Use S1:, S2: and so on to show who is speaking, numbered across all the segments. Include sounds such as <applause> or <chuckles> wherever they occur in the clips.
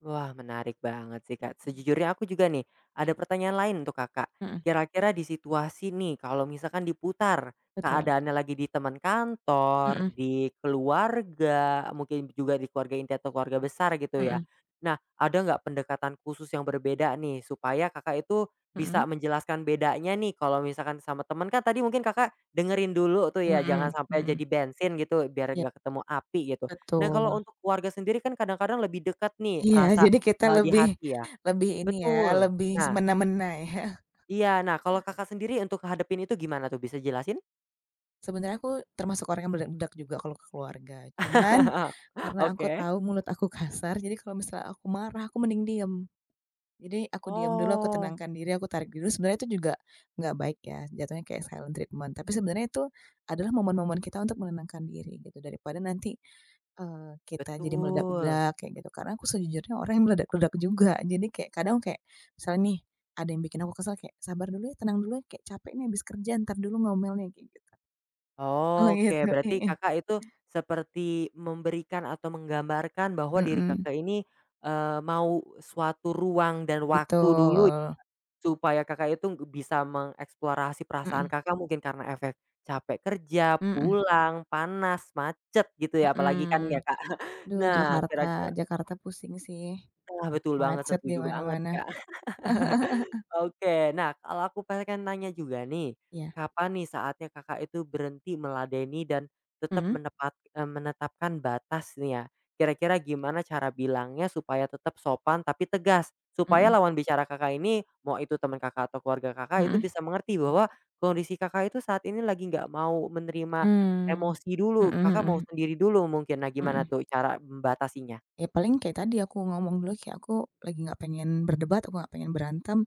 S1: Wah menarik banget sih, Kak. Sejujurnya aku juga nih, ada pertanyaan lain untuk, Kakak.
S2: Mhm.
S1: Kira-kira di situasi nih kalau misalkan diputar
S2: Betul.
S1: keadaannya lagi di teman kantor,
S2: Mhm.
S1: di keluarga, mungkin juga di keluarga inti atau keluarga besar gitu ya.
S2: Mhm.
S1: Nah, ada nggak pendekatan khusus yang berbeda nih, supaya Kakak itu bisa
S2: Mhm.
S1: menjelaskan bedanya nih. Kalau misalkan sama temen kan tadi mungkin Kakak dengerin dulu tuh ya jangan
S2: Mhm
S1: sampai
S2: mhm.
S1: jadi bensin gitu biar
S2: Ya.
S1: nggak ketemu api gitu. Nah kalau
S2: Betul.
S1: untuk keluarga sendiri kan kadang-kadang lebih deket nih
S2: Iya,
S1: rasa,
S2: jadi kita
S1: eee, di
S2: lebih
S1: hati ya.
S2: lebih ini ya
S1: Betul
S2: lebih
S1: nah
S2: semena-mena ya.
S1: Iya, nah kalau Kakak sendiri untuk ngehadapin itu gimana tuh bisa jelasin?
S2: Sebenarnya aku termasuk orang yang meledak juga kalau ke keluarga, cuman
S1: <laughs>
S2: karena aku
S1: Oke.
S2: tahu mulut aku kasar, jadi kalau misalnya aku marah aku mending diem. Jadi aku diem dulu, aku
S1: Oh.
S2: tenangkan diri, aku tarik dulu. Sebenarnya itu juga nggak baik ya, jatuhnya kayak silent treatment tapi sebenarnya itu adalah momen-momen kita untuk menenangkan diri gitu daripada nanti, eee, kita jadi
S1: Betul.
S2: meledak-ledak kayak gitu. Karena aku sejujurnya orang yang meledak-ledak juga jadi kek kadang kek misalnya nih ada yang bikin aku kesal kayak, "Sabar dulu ya tenang dulu ya, kayak capek nih habis kerja entar dulu ngomelnya," kayak gitu. Oh
S1: Oke,
S2: gitu.
S1: berarti
S2: Heeh.
S1: Kakak itu seperti memberikan atau menggambarkan bahwa diri
S2: Mhm.
S1: Kakak ini, eee, mau suatu ruang dan waktu dulu,
S2: Betul.
S1: supaya Kakak itu bisa mengeksplorasi perasaan
S2: Mhm.
S1: Kakak mungkin karena efek capek kerja,
S2: Mhm.
S1: pulang, panas, macet, gitu ya apalagi kan ya,
S2: Mhm,
S1: Kak. <chuckles>
S2: aduh
S1: Nah,
S2: Jakarta.
S1: kira-kira
S2: Jakarta pusing sih,
S1: Ah, betul banget
S2: macet d
S1: setuju banget,
S2: imana-mana.
S1: Kak, <laughs>
S2: <laughs>
S1: oke. Nah kalau aku pengen nanya juga nih,
S2: Iya.
S1: kapan nih saatnya Kakak itu berhenti meladeni dan tetap
S2: Mhm.
S1: menepat e menetapkan batas nih ya kira-kira gimana cara bilangnya supaya tetap sopan tapi tegas supaya
S2: Mhm.
S1: lawan bicara Kakak ini, mau itu temen Kakak, atau keluarga Kakak, itu
S2: Mhm.
S1: bisa mengerti bahwa kondisi Kakak itu saat ini lagi nggak mau menerima
S2: Mmm,
S1: emosi dulu,
S2: mhm
S1: Kakak mau
S2: mhm.
S1: sendiri dulu mungkin. Nah gimana
S2: Mhm.
S1: tuh cara membatasinya?
S2: Ya paling kayak tadi aku ngomong dulu kayak, "Aku lagi nggak pengen berdebat, aku nggak pengen berantem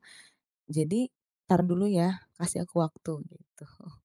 S2: jadi entar dulu ya kasih aku waktu," gitu.